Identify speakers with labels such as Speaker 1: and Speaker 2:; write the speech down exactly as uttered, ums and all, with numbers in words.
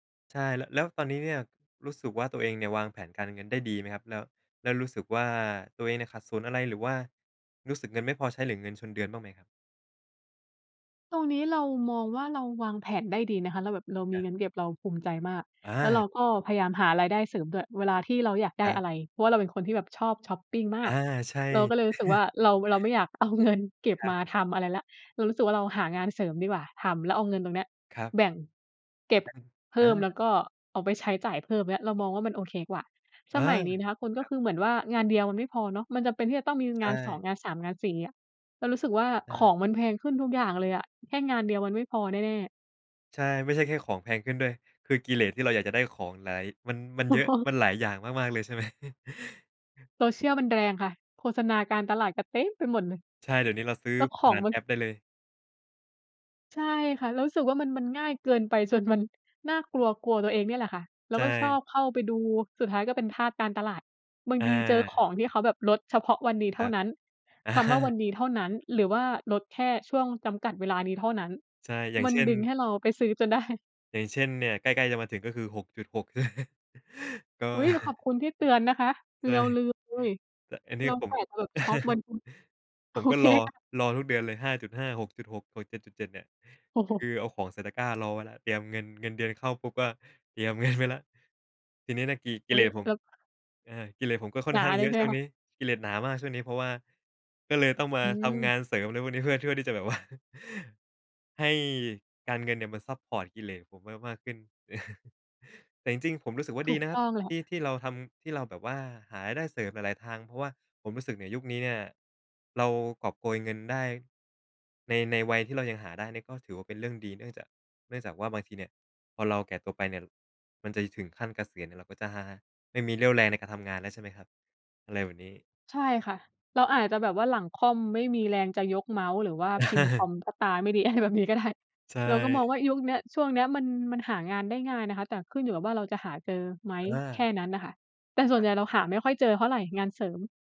Speaker 1: ใช่ ล แล้วตอนนี้เนี่ยรู้สึกว่าตัวเองเนี่ย วางแผนการเงินได้ดีไหมครับ? แล้ว แล้วรู้สึกว่าตัวเองเนี่ยขัดสนอะไร? หรือว่ารู้สึกเงินไม่พอใช้ หรือเงินชนเดือนบ้างไหมครับ?
Speaker 2: ตรงนี้เรามองว่า เราวางแผนได้ดีนะคะ เราแบบเราม
Speaker 1: ค
Speaker 2: ี
Speaker 1: รับ
Speaker 2: เงินเก็บ เราภูมิใจมาก
Speaker 1: อ
Speaker 2: แล้วเร
Speaker 1: า
Speaker 2: าก็พยายามหารายได้เสริมด้วย เวลาที่เราอยากได
Speaker 1: ค
Speaker 2: ้
Speaker 1: รั
Speaker 2: อ
Speaker 1: บ
Speaker 2: ะไร เพราะว่าเราเป็นคนที่แบบชอบช็อปปิงม
Speaker 1: อ
Speaker 2: า
Speaker 1: า
Speaker 2: ก
Speaker 1: ใช่
Speaker 2: เราก็เลยรู้สึกว่าเรา เราไม่อยากเอาเงินเก็บ
Speaker 1: ครั
Speaker 2: ม
Speaker 1: บ
Speaker 2: าทำอะไรแล้ว เรารู้สึกว่าเราหางานเสริมดีกว่า ทำแล้วเอาเงินตรงเนี้ย
Speaker 1: ครับ
Speaker 2: แบ่ง เก็บ
Speaker 1: แบ่ง
Speaker 2: เพ
Speaker 1: อ
Speaker 2: ิ่
Speaker 1: า
Speaker 2: ม แล้วก็เอาไว้ใช้จ่ายเพิ่ม เงี้ย เรามองว่ามันโอเคกว่า ส
Speaker 1: อา
Speaker 2: มัยนี้นะคะคุณ ก
Speaker 1: ค
Speaker 2: ็
Speaker 1: รับ
Speaker 2: คือเหมือนว่างานเดียวมันไม่พอเนาะ มันจำเป็นที่จะต้องมี
Speaker 1: ใช
Speaker 2: งาน สอง
Speaker 1: ่
Speaker 2: งาน สาม งาน สี่ เงี้ย เรารู้สึกว่า
Speaker 1: ใช
Speaker 2: ข
Speaker 1: ่
Speaker 2: องมันแพงขึ้นทุกอย่างเลยอะ แค่งานเดียวมันไม่พอแน่ ๆ
Speaker 1: ใช่ ไม่ใช่แค่ของแพงขึ้นด้วย คือกิเลสที่เราอยากจะได้ของหลาย มัน มัน
Speaker 2: อ
Speaker 1: เยอะ
Speaker 2: ๋
Speaker 1: ม
Speaker 2: อ
Speaker 1: ันหลายอย่างมาก ๆ เลยใช่ไหม?
Speaker 2: Social มันแรงค่ะ โฆษณาการตลาดก็เต็มไปหมดเลย
Speaker 1: ใช่ เดี๋ยวนี้เราซื้อ
Speaker 2: แล้วข
Speaker 1: ผ
Speaker 2: อ
Speaker 1: ่
Speaker 2: ง
Speaker 1: าน
Speaker 2: มั
Speaker 1: แอ
Speaker 2: น
Speaker 1: ปได้เลย
Speaker 2: ใช่ค่ะ เรารู้สึกว่ามัน มันง่ายเกินไปจนมันน่ากลัว กลัวตัวเองเนี่ยแหละค่ะ เร
Speaker 1: ใ
Speaker 2: า
Speaker 1: ช
Speaker 2: ก็ชอ
Speaker 1: ่
Speaker 2: บเข้าไปดู สุดท้ายก็เป็นทาสการตลาด บางทีเจอ
Speaker 1: อ
Speaker 2: ข
Speaker 1: า
Speaker 2: องที่เขาแบบลดเฉพาะวันนี้เ
Speaker 1: ค
Speaker 2: ท
Speaker 1: ร
Speaker 2: ่า
Speaker 1: ับ
Speaker 2: นั้น
Speaker 1: อ
Speaker 2: คำว่าวั
Speaker 1: า
Speaker 2: นนี้เท่านั้น หรือว่าลดแค่ช่วงจำกัดเวลานี้เท่านั้น
Speaker 1: ใช่ อย่า
Speaker 2: ม
Speaker 1: ง
Speaker 2: ั
Speaker 1: เ
Speaker 2: น
Speaker 1: ช่น
Speaker 2: ดึงให้เราไปซื้อจน ได้
Speaker 1: อย่างเช่น เนี่ยใกล้ ๆ จะมาถึงก็คือ หกจุดหก ก็
Speaker 2: อุ๊ย! ขอบคุณที่เตือนนะคะ
Speaker 1: ใช
Speaker 2: เร
Speaker 1: ่
Speaker 2: าลืมเลย
Speaker 1: แต่อันนี
Speaker 2: เ
Speaker 1: ้
Speaker 2: รา
Speaker 1: ผ
Speaker 2: ก
Speaker 1: ม
Speaker 2: ะจะแบบช็อปวัน โอ
Speaker 1: ผมก็
Speaker 2: เค
Speaker 1: รอ
Speaker 2: ค่ะ
Speaker 1: รอทุกเดือนเลย ห้าจุดห้า หกจุดหก หก เจ็ดจุดเจ็ด เนี่ย คือเอาของใส่ตะกร้ารอไว้แล้ว เตรียมเงิน เงินเดือนเข้าปุ๊บก็เตรียม เงินไว้แล้ว ทีนี้เนี่ยกิ ก
Speaker 2: อ
Speaker 1: ิ
Speaker 2: ุ
Speaker 1: เ
Speaker 2: ๊
Speaker 1: ล
Speaker 2: ย
Speaker 1: สผม
Speaker 2: เรา
Speaker 1: อา กิเลสผมก็ค่
Speaker 2: ห
Speaker 1: อ
Speaker 2: น
Speaker 1: น
Speaker 2: า
Speaker 1: ข้าง
Speaker 2: เ
Speaker 1: เ
Speaker 2: ล
Speaker 1: ยอ
Speaker 2: ยใ
Speaker 1: ะ
Speaker 2: ช่ไ
Speaker 1: ช
Speaker 2: หม
Speaker 1: ่วง
Speaker 2: ค
Speaker 1: นี
Speaker 2: ะ?
Speaker 1: ้ กิเลสหนามากช่วงนี้ เพราะว่า ก็เลยต้องมา
Speaker 2: อื
Speaker 1: ทำง
Speaker 2: ม
Speaker 1: านเสริมอะไรพวกนี้ เพื่อ เพื่อที่จะแบบ ว่า ให้การเงินเนี่ยมันซัปพอร์ตกิเลสผมมาก ๆ ขึ้น แต่จริง ๆ ผมรู้สึกว่า
Speaker 2: ถ
Speaker 1: ด
Speaker 2: ู
Speaker 1: ี
Speaker 2: ก
Speaker 1: นะค
Speaker 2: ต
Speaker 1: รับ
Speaker 2: ้องแหล
Speaker 1: ที่
Speaker 2: ะ
Speaker 1: ที่เราทำ ที่เราแบบว่าหารายได้เสริมหลาย ๆ ทาง เพราะว่าผมรู้สึกนี่ยุคนี้เนี่ย เรากอบโกยเงินได้ ใน ในวัยที่เรายังหาได้เนี่ย ก็ถือว่าเป็นเรื่องดี เนื่องจาก เนื่องจากว่าบางทีเนี่ย พอเราแก่ตัวไปเนี่ย มันจะถึงขั้นเกษียณเนี่ย เราก็จะไม่มีเรี่ยวแรงในการทำงานแล้ว ใช่ไหมครับ? อะไรแบบนี้
Speaker 2: ใช่ค่ะ เราอาจจะแบบว่าหลังค่อมไม่มีแรงจะยกเมาส์ หรือว่าพิมพ์คอมเพราะตาไม่ดี อะไรแบบนี้ก็ได้
Speaker 1: ใช
Speaker 2: เราก็มอง
Speaker 1: ่
Speaker 2: ว่ายุคเนี้ย ช่วงเนี้ยมัน มันหางานได้ง่ายนะคะ แต่ขึ้นอยู่กับว่าเราจะหาเจอไหม
Speaker 1: เออ
Speaker 2: แค่นั้นน่ะค่ะ แต่ส่ว
Speaker 1: อ
Speaker 2: นใ
Speaker 1: า
Speaker 2: หญ่เราหาไม่ค่อยเจอเท่าไรงานเสริม